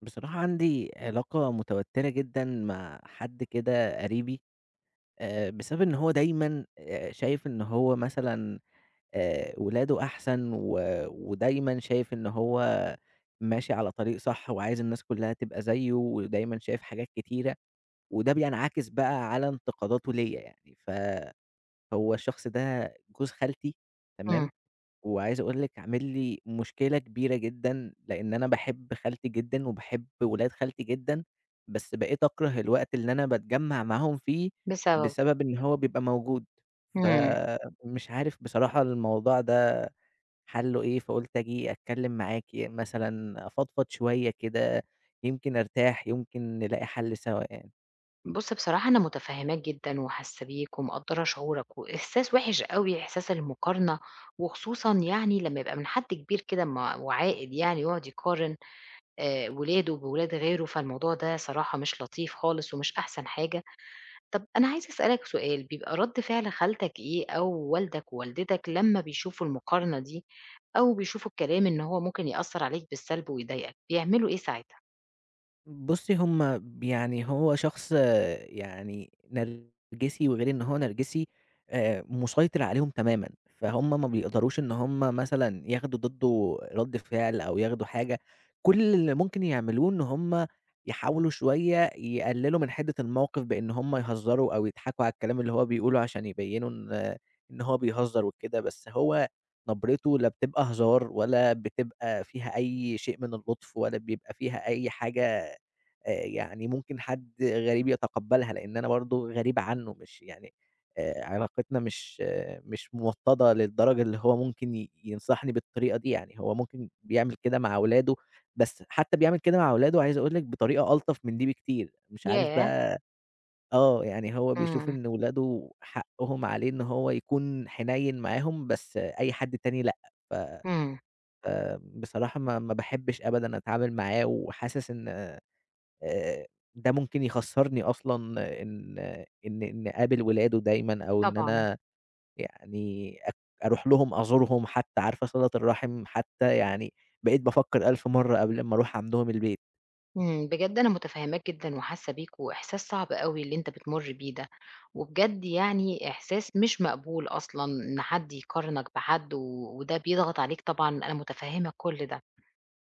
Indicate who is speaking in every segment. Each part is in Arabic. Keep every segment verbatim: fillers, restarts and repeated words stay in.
Speaker 1: بصراحة عندي علاقة متوترة جدًا مع حد كده قريبي، آآ بسبب إن هو دايمًا آآ شايف إن هو مثلًا، آآ ولاده أحسن و ودايمًا شايف إن هو ماشي على طريق صح وعايز الناس كلّها تبقى زيه، ودايمًا شايف حاجات كتيرة، وده بينعكس بقى على انتقاداته ليّا يعني، فهو الشخص ده جوز خالتي، تمام،
Speaker 2: إمم.
Speaker 1: وعايز أقول لِك عامل لي مشكلة كبيرة جدًا، لإن أنا باحب خالتي جدًا وباحب ولاد خالتي جدًا، بس بقيت أكره الوقت اللي أنا باتجمّع معاهم فيه،
Speaker 2: بسببه.
Speaker 1: بسبب إن هو بيبقى موجود،
Speaker 2: إمم.
Speaker 1: فمش عارف بصراحة الموضوع ده حلُّه إيه، فقُلت آجي أتكلّم معاكِ مثلًا، أفضفض شوية كده يمكن أرتاح، يمكن نلاقي حل سوا يعني.
Speaker 2: بُصّ بصراحة أنا متفهّماك جدًا وحاسّة بيك ومقدّرة شعورك، وإحساس وِحِش أوي إحساس المقارنة، وخصوصًا يعني لمّا يبقى من حد كبير كده م وعاقل يعني ويقعد يقارن، آآ ولاده بولاد غيره، فالموضوع ده صراحة مش لطيف خالص ومش أحسن حاجة، طب أنا عايزة أسألك سؤال، بيبقى رد فعل خالتك إيه أو والدك ووالدتك لمّا بيشوفوا المقارنة دي، أو بيشوفوا الكلام إن هو ممكن يأثّر عليك بالسلب ويضايقك، بيعملوا إيه ساعتها؟
Speaker 1: بُصّي هُم ب يعني هو شخص يعني نرجسي، وغير إن هو نرجسي آآ، مُسيطِر عليهم تمامًا، فهُم ما بيقدَرش إن هُم مثلًا ياخدوا ضِدّه رَد فِعل أو ياخدوا حاجة، كلّ اللي ممكن يعملوه إن هُم يحاولوا شويّة يقلّلوا من حِدّة الموقِف بإن هُم يهزّروا أو يضحَكوا على الكلام اللي هو بيقوله عشان يبيّنوا إن إن هو بيهزّر وكده، بس هو نَبرته لا بتبقى هزار ولا بتبقى فيها أي شيء من اللُّطف ولا بيبقى فيها أي حاجة آآ، يعني ممكن حد غريب يتقبّلها لإن أنا برضه غريب عنّه، مش يعني آآ علاقتنا مش مش موطَّدَة للدرجة اللي هو ممكن ي ينصَحني بالطريقة دي يعني، هو ممكن بيعمل كده مع ولاده، بس حتى بيعمل كده مع ولاده عايز اقول لِك بطريقة ألطف من دي بكتير، مش عارف
Speaker 2: ياه!
Speaker 1: بقى آه يعني هو بيشوف
Speaker 2: إمم.
Speaker 1: إن ولاده حقّهم عليه إن هو يكون حنيّن معاهم بس أي حد تاني لأ، ف ف
Speaker 2: إمم.
Speaker 1: آمم بصراحة ما ما باحبّش أبدًا اتعامل معاه وحاسس إن آآ ده ممكن يخسّرني أصلًا إن إن إن أقابل ولاده دايمًا أو إن
Speaker 2: طبعًا.
Speaker 1: أنا يعني أك أرُوح لهم أزورهم حتى، عارفة صِلة الرحِم حتى، يعني بقيت بافكر 1.000 مرّة قبْل ما أرُوح عَندهم البيت.
Speaker 2: إمم، بجد أنا متفهّماك جدًا وحاسّة بيك وإحساس صعب أوي اللي أنت بتمر بيه ده، وبجد يعني إحساس مش مقبول أصلًا إن حد يقارنك بحد، وده بيضغط عليك طبعًا أنا متفهمة كلّ ده،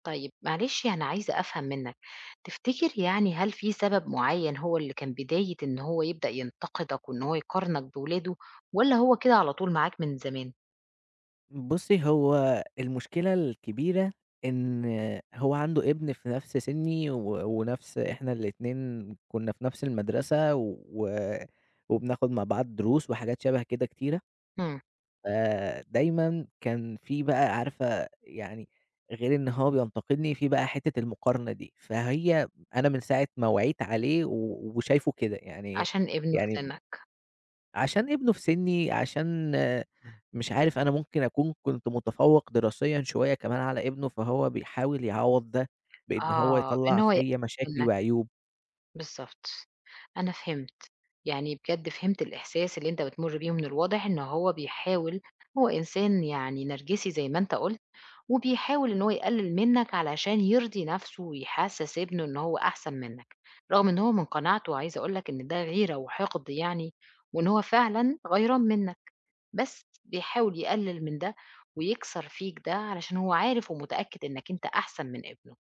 Speaker 2: طيب معلش أنا عايزة أفهم منك، تفتكر يعني هل في سبب معيّن هو اللي كان بداية إن هو يبدأ ينتقدك وإن هو يقارنك بولاده، والّا هو كده على طول معاك من زمان؟
Speaker 1: بُصّي هو المشكلة الكبيرة، إن هو عنده إبن في نفْس سني و ونفْس إحنا الإتنين كنا في نفْس المدرسة، و وبناخد مع بعض دروس وحاجات شبه كده كتيرة
Speaker 2: إمم.
Speaker 1: آآ دايمًا كان في بَقى عارفة يعني، غير إن هو بينتقدني في بقى حتّة المقارنة دي، فهي أنا من ساعة ما وعيت عليه و وشايفه كده، يعني
Speaker 2: عشان ابنه في
Speaker 1: يعني
Speaker 2: سنّك.
Speaker 1: عشان ابنه في سني، عشان مش عارف أنا ممكن أكون كنت متفوّق دراسيًا شوية كمان على ابنه، فهو بيحاول يعوّض ده، بإن هو
Speaker 2: آه إن
Speaker 1: يَطلَّع
Speaker 2: هو ي
Speaker 1: فيّا مشاكل
Speaker 2: منك،
Speaker 1: وعيوب.
Speaker 2: بالضبط، أنا فهمت، يعني بجد فهمت الإحساس اللي أنت بتمر بيه، ومن الواضح إنه هو بيحاول هو إنسان يعني نرجسي زي ما أنت قُلت، وبيحاول إنه هو يقلّل منك علشان يرضي نفْسه ويحسّس ابنه إن هو أحسن منك، رغم إن هو من قناعته عايزة أقول لك إن ده غيرة وحقد يعني، وإن هو فعلًا غَيران منك، بس بيحاول يقلّل من ده ويكسر فيك ده علشان هو عارف ومتأكد إنك أنت أحسن من ابنه،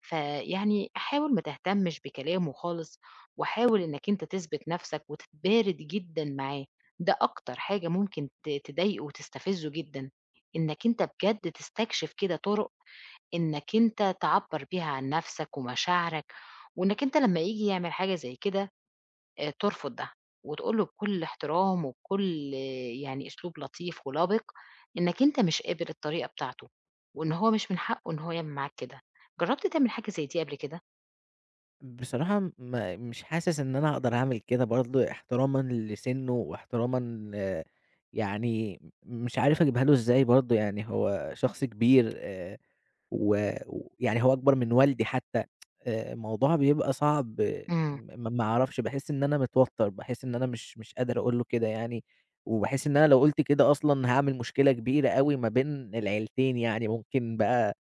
Speaker 2: فيعني حاول ما تهتمّش بكلامه خالص، وحاول إنك أنت تثبت نفْسك وتتبارد جدًا معاه، ده أكتر حاجة ممكن ت تضايقه وتستفزه جدًا، إنك أنت بجد تستكشف كده طُرُق إنك أنت تعبّر بيها عن نفْسك ومشاعرك، وإنك أنت لمّا ييجي يعمل حاجة زي كده، ترفض ده، وتقول له بكلّ احترام وكلّ يعني أسلوب لطيف ولبق، إنك أنت مش قابل الطريقة بتاعته، وإن هو مش من حقه إن هو يعمل معاك كده، جرّبت تعمل حاجة زي دي قبل كده؟
Speaker 1: بصراحة م مش حاسِس إن أنا أقدر أعمل كده برضه احترامًا لسِنُّه واحترامًا ل يعني م مش عارف أجيبها له إزاي برضه يعني هو شخص كبير آآ و ويعني هو أكبر من والدي حتّى الموضوع بيبقى صعب
Speaker 2: إمم.
Speaker 1: م ما أعرفش باحِس إن أنا متوتَّر، باحِس إن أنا مش مش قادر أقول له كده يعني وباحِس إن أنا لو قُلت كده أصلًا، هاعمل مشكلة كبيرة أوي ما بين العيلتين، يعني ممكن بقى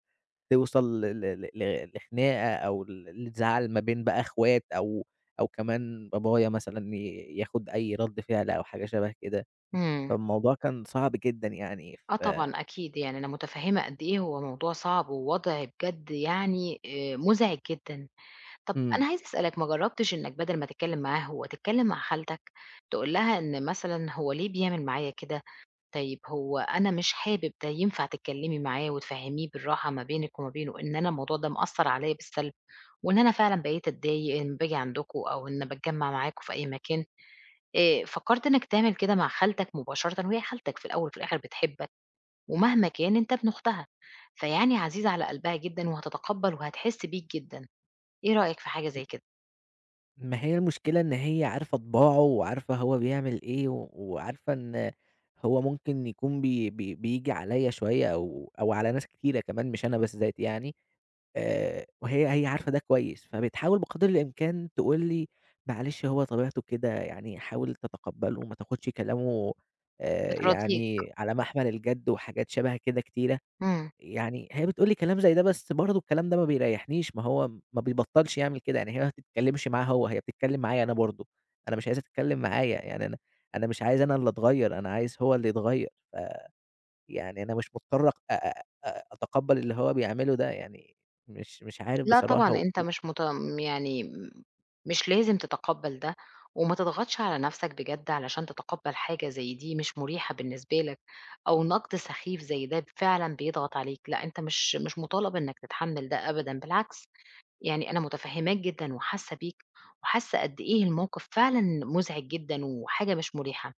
Speaker 1: توصل ل ل ل لخناقة أو ل لزعل ما بين بقى إخوات أو أو كمان بابايا مثلًا ي ياخُد أي رَد فِعل أو حاجة شَبه كده،
Speaker 2: إمم.
Speaker 1: فالموضوع كان صعب جدًا يعني.
Speaker 2: آه
Speaker 1: ف
Speaker 2: طبعًا، أكيد. يعني أنا مُتفهِّمة قد إيه هو موضوع صعب ووضع بجد يعني آآ مُزعج جدًا. طَب
Speaker 1: إمم.
Speaker 2: أنا عايزة أسألك ما جرّبتش إنّك بَدَل ما تتكلِّم معاه هو، تتكلِّم مع خالتك؟ تقول لها إن مثلًا هو ليه بيعمل معايا كده؟ طيب، هو أنا مش حابب ده، ينفع تتكلِّمي معاه وتفهميه بالراحة ما بينِك وما بينه إن أنا الموضوع ده مأثّر عليّا بالسلب وإن أنا فعلًا بقيت أتضايق إن باجي عندكم أو إن باتجمّع معاكم في أي مكان؟ اآ فكّرت إنّك تعمل كده مع خالتك مباشرةً وهي خالتك في الأول وفي الآخِر بتحبك ومهما كان أنت ابن أختها، فيعني عزيز على قلبها جدًا وهتتقبّل وهتحِس بيك جدًا، إيه رأيك في حاجة زي
Speaker 1: [unintelligible]
Speaker 2: كده؟
Speaker 1: ما هي المشكلة إن هي عارفة طِباعه وعارفة هو بيعمل إيه و وعارفة إن هو ممكن يكون بي بي بييجي عليَّ شوية أو أو على ناس كتيرة كمان مش أنا بالذات يعني آآ، وهي هي عارفة ده كويس فبتحاول بقدْر الإمكان تقول لي: "معلِش، هو طبيعته كده، يعني حاول تتقبّله، ما تاخدش كلامه آآ
Speaker 2: بتراضيك.
Speaker 1: يعني على محمَل الجَد." وحاجات شَبه كده كتيرة.
Speaker 2: امم.
Speaker 1: يعني هي بتقول لي كلام زي ده بس برضه الكلام ده ما بيريّحنيش، ما هو ما بيبطّلش يعمل كده، يعني هي ما بتتكلّمش معاه هو، هي بتتكلّم معايا أنا برضه، أنا مش عايزها تتكلّم معايا، يعني أنا أنا مش عايز أنا اللي أتغيّر، أنا عايز هو اللي يتغيّر، ف يعني أنا مش مُضطر أ أ أ أتقبّل اللي هو بيعمله ده، يعني مش مش عارف
Speaker 2: لأ طبعًا،
Speaker 1: بصراحة و
Speaker 2: أنت
Speaker 1: و
Speaker 2: مش مت م يعني م مش لازم تتقبّل ده وما تضغَطش على نفْسك بجد علشان تتقبّل حاجة زي دي مش مُريحة بالنسبة لك أو نقْد سخيف زي ده فعلًا بيضغط عليك، لأ أنت مش مش مُطالَب إنك تتحمّل ده أبدًا، بالعكس يعني أنا متفهّماك جدًا وحاسّة بيك وحاسّة قد إيه الموقِف فعلًا مُزعِج جدًا وحاجة مش مُريحة.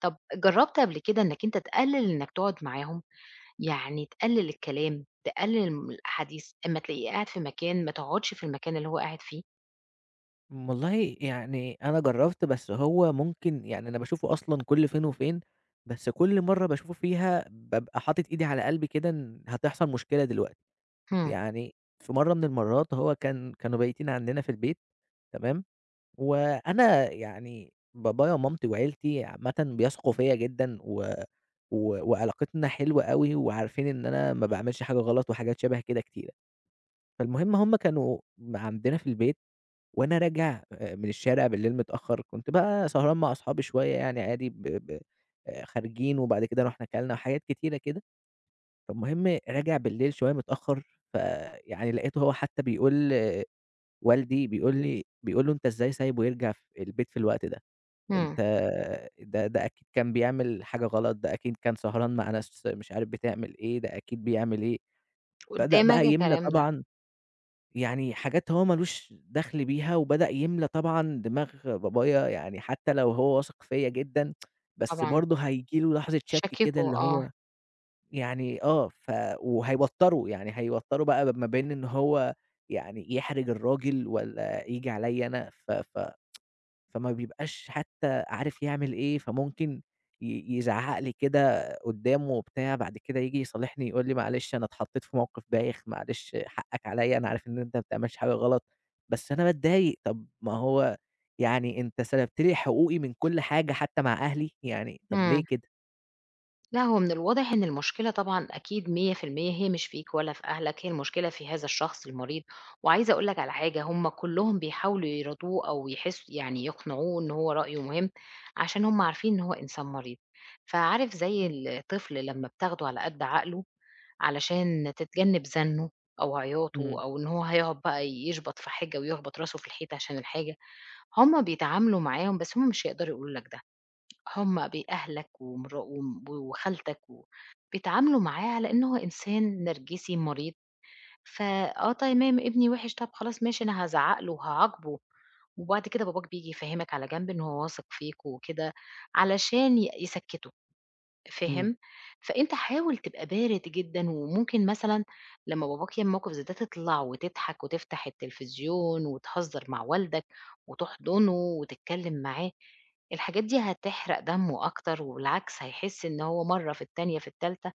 Speaker 2: طَب جرّبت قبل كده إنك أنت تقلّل إنك تقعُد معاهم. يعني تقلّل الكلام، تقلّل من الأحاديث، أمّا تلاقيه قاعد في مكان ما تقعُدش في المكان اللي هو قاعد فيه؟
Speaker 1: م والله يعني أنا جرّبت، بس هو ممكن يعني أنا باشوفه أصلًا كل فين وفين، بس كل مرّة باشوفه فيها بابقى حاطط إيدي على قلبي كده إن هتحصل مشكلة دلوقتي،
Speaker 2: إمم.
Speaker 1: يعني في مرّة من المرّات هو كان كانوا بايتين عندنا في البيت، تمام؟ وأنا يعني بابايا ومامتي وعيلتي عامةً بيثقوا فيّا جدًا، و و وعلاقتنا حلوة أوي، وعارفين إن أنا ما باعملش حاجة غلط وحاجات شَبه كده كتيرة، فالمهم هُم كانوا م عندنا في البيت وأنا راجع آآ من الشارع بالليل متأخر، كنت بقى سهران مع اصحابي شويّة يعني عادي، ب ب آآ، خارجين وبعد كده روُحنا كَلنا وحاجات كتيرة كده، فالمهم راجع بالليل شويّة متأخر، فيعني لقيته هو حتى بيقول والدي، بيقول لي بيقول له: "أنت إزاي سايبه يرجع ف البيت في الوقت ده؟"
Speaker 2: إمم.
Speaker 1: أنت ده ده ده أكيد كان بيعمل حاجة غلط، ده أكيد كان سهران مع ناس مش عارف بتعمل إيه، ده أكيد بيعمل إيه، بدأ
Speaker 2: قدّامك
Speaker 1: بقى يملى
Speaker 2: الكلام ده؟
Speaker 1: طبعًا يعني حاجات هو ما لوش دَخل بيها، وبدأ يملى طبعًا دماغ بابايا، يعني حتى لو هو واثق فيّا جدًا بس
Speaker 2: طبعًا.
Speaker 1: برضه هييجي له لحظة شَك كده،
Speaker 2: شكّكُه
Speaker 1: اللي
Speaker 2: آه.
Speaker 1: هو يعني آه، ف وهيوتره، يعني هيوتره بقى ب ما بين إن هو يعني يحرِج الراجل، والّا ييجي عليّا أنا، ف ف فما بيبقاش حتى عارف يعمل إيه، فممكن ي يزعّق لي كده قدّامه وبتاع، بعد كده ييجي يصالحني يقول لي معلش أنا اتحطّيت في موقف بايخ، معلش حَقك عليّا، أنا عارف إن أنت ما بتعملش حاجة غلط بس أنا باتضايق، طب ما هو يعني أنت سَلبت لي حقوقي من كل حاجة حتى مع أهلي، يعني طب ليه
Speaker 2: إمم.
Speaker 1: كده؟
Speaker 2: لأ، هو من الواضح إن المشكلة طبعًا أكيد مِيّة في المِيّة هي مش فيك ولا في أهلك، هي المشكلة في هذا الشخص المريض، وعايزة أقول لك على حاجة، هُم كُلّهم بيحاولوا يراضوه أو يحس يعني يقنعوه إنه هو رأيُه مُهم، عشان هُم عارفين إن هو إنسان مريض، فعارف زي الطفل لمّا بتاخدُه على قد عقلُه، علشان تتجنّب زَنُّه أو عياطُه
Speaker 1: إمم.
Speaker 2: أو إن هو هيقعد بَقى يشبط في حاجة ويخبط راسُه في الحيطة عشان الحاجة، هُم بيتعاملوا معاهم بس هُم مش هيقدروا يقولوا لك ده، هُم بأهلك ومرا و وخالتك و بيتعاملوا معاه على إن هو إنسان نرجسي مريض، ف آه تمام ابني وحِّش، طَب خلاص ماشي أنا هازعق له وهاعاقبُه، وبعد كده باباك بييجي يفهمك على جنب إن هو واثق فيك وكده، علشان ي يسكّّتُه،
Speaker 1: امم.
Speaker 2: فاهم؟ فأنت حاول تبقى بارد جدًا، وممكن مثلًا لمّا باباك يعمل موقف زي ده، تطلع وتضحك وتفتح التلفزيون وتهزر مع والدك، وتحضنُه وتتكلِّم معاه، الحاجات دي هتحرق دمُه أكتر، وبالعكس هيحِسّ إن هو مَرّة في التانية في التالتة،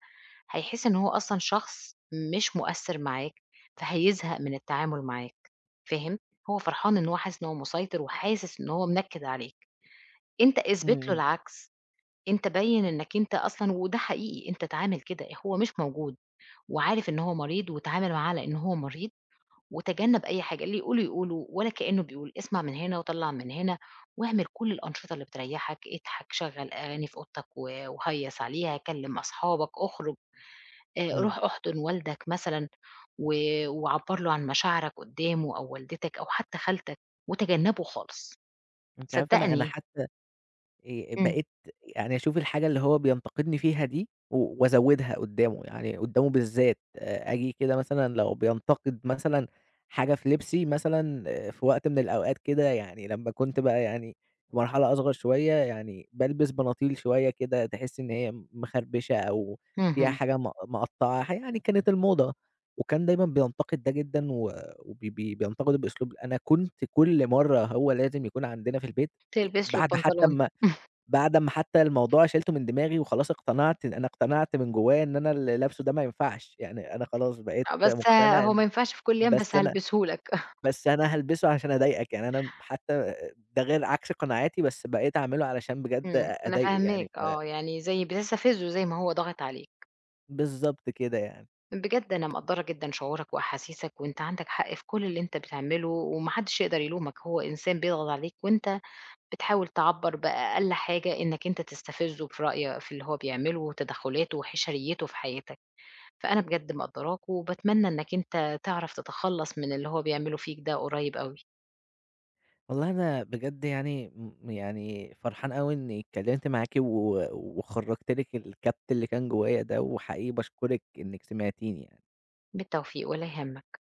Speaker 2: هيحِسّ إن هو أصلًا شخص مش مؤثّر معاك، فهيزهق من التعامُل معاك، فاهم؟ هو فرحان إن هو حاسِس إن هو مُسيطر، وحاسِس إن هو منكِد عليك، أنت
Speaker 1: امم،
Speaker 2: اثبت لُه
Speaker 1: امم.
Speaker 2: العكس، أنت بيّن إنك أنت أصلًا وده حقيقي أنت اتعامل كده، هو مش موجود، وعارف إن هو مريض، واتعامل معاه على إن هو مريض، وتجنب أي حاجة، اللي يقوله يقوله، ولا كأنه بيقول اسمع من هنا وطلّع من هنا، واعمل كُلّ الأنشطة اللي بتريحّك، اضحك شَغَّل أغاني في أوضتك و وهيص عليها، كلِّم أصحابك، اخرُج آآ
Speaker 1: امم.
Speaker 2: روح أحضًن والدك مثلًا، و وعبّر لُه عن مشاعرك قدامُه، أو والدتك أو حتى خالتك وتجنبُه خالص،
Speaker 1: أنتِ عارفة أنا أنا
Speaker 2: صدقني
Speaker 1: حتّى آآ
Speaker 2: إمم.
Speaker 1: بقيت يعني أشوف الحاجة اللي هو بينتقدني فيها دي، و وأزوّدها قُدّامُه يعني قُدّامُه بالذات، آجي كده مثلًا لو بينتقد مثلًا حاجة في لبسي، مثلًا في وقت من الأوقات كده، يعني لمّا كنت بقى يعني في مرحلة أصغر شوية، يعني بالبس بناطيل شوية كده تحِسِّي إن هي مخربشة، أو فيها
Speaker 2: اهم.
Speaker 1: حاجة م مقطّعة، يعني كانت الموضة، وكان دايمًا بينتقد ده جدًا، وب بينتقده بأسلوب أنا كنت كُلّ مَرّة هو لازم يكون عندنا في البيت، آآ
Speaker 2: تلبِس له
Speaker 1: بعد حتى
Speaker 2: البنطلون.
Speaker 1: أما بعد أما حتى الموضوع شيلتُه من دماغي وخلاص اقتنعت، أنا اقتنعت من جوايا إن أنا اللي لابسه ده ما ينفعش، يعني أنا خلاص بقيت
Speaker 2: آه، بس آآ
Speaker 1: مُقتنع
Speaker 2: هو ما
Speaker 1: إن
Speaker 2: ينفعش في كُلّ الايام
Speaker 1: بس
Speaker 2: بس
Speaker 1: أنا
Speaker 2: هالبسه لك.
Speaker 1: بس أنا هالبسًه عشان أضايقك، يعني أنا م حتى آآ ده غير عكس قناعاتي، بس بقيت أعملُه علشان بجد
Speaker 2: إمم،
Speaker 1: أ
Speaker 2: أنا
Speaker 1: أضايقُه يعني
Speaker 2: فاهماك
Speaker 1: ف
Speaker 2: آه، يعني زي بتستفزُه زي ما هو ضاغط عليك.
Speaker 1: بالضبط كده يعني.
Speaker 2: بجد أنا مقدّرة جدًا شعورك وأحاسيسك، وأنت عندك حق في كُلّ اللي أنت بتعمله، وما حدش يقدر يلومك، هو إنسان بيضغط عليك، وأنت بتحاول تعبّر بأقل حاجة، إنك أنت تستفزُه في رأي في اللي هو بيعمله، وتدخلاته وحشريته في حياتك، فأنا بجد مقدّراك، وباتمنى إنك أنت تعرف تتخلص من اللي هو بيعمله فيك ده قريب أوي.
Speaker 1: والله أنا بجد يعني م يعني فرحان أوي إني اتكّلمت معاكِ، و وخرّجت لِك الكبت اللي كان جوايا ده، وحقيقي باشكرِك إنِك سمعتِيني يعني.
Speaker 2: بالتوفيق، ولا يهمك.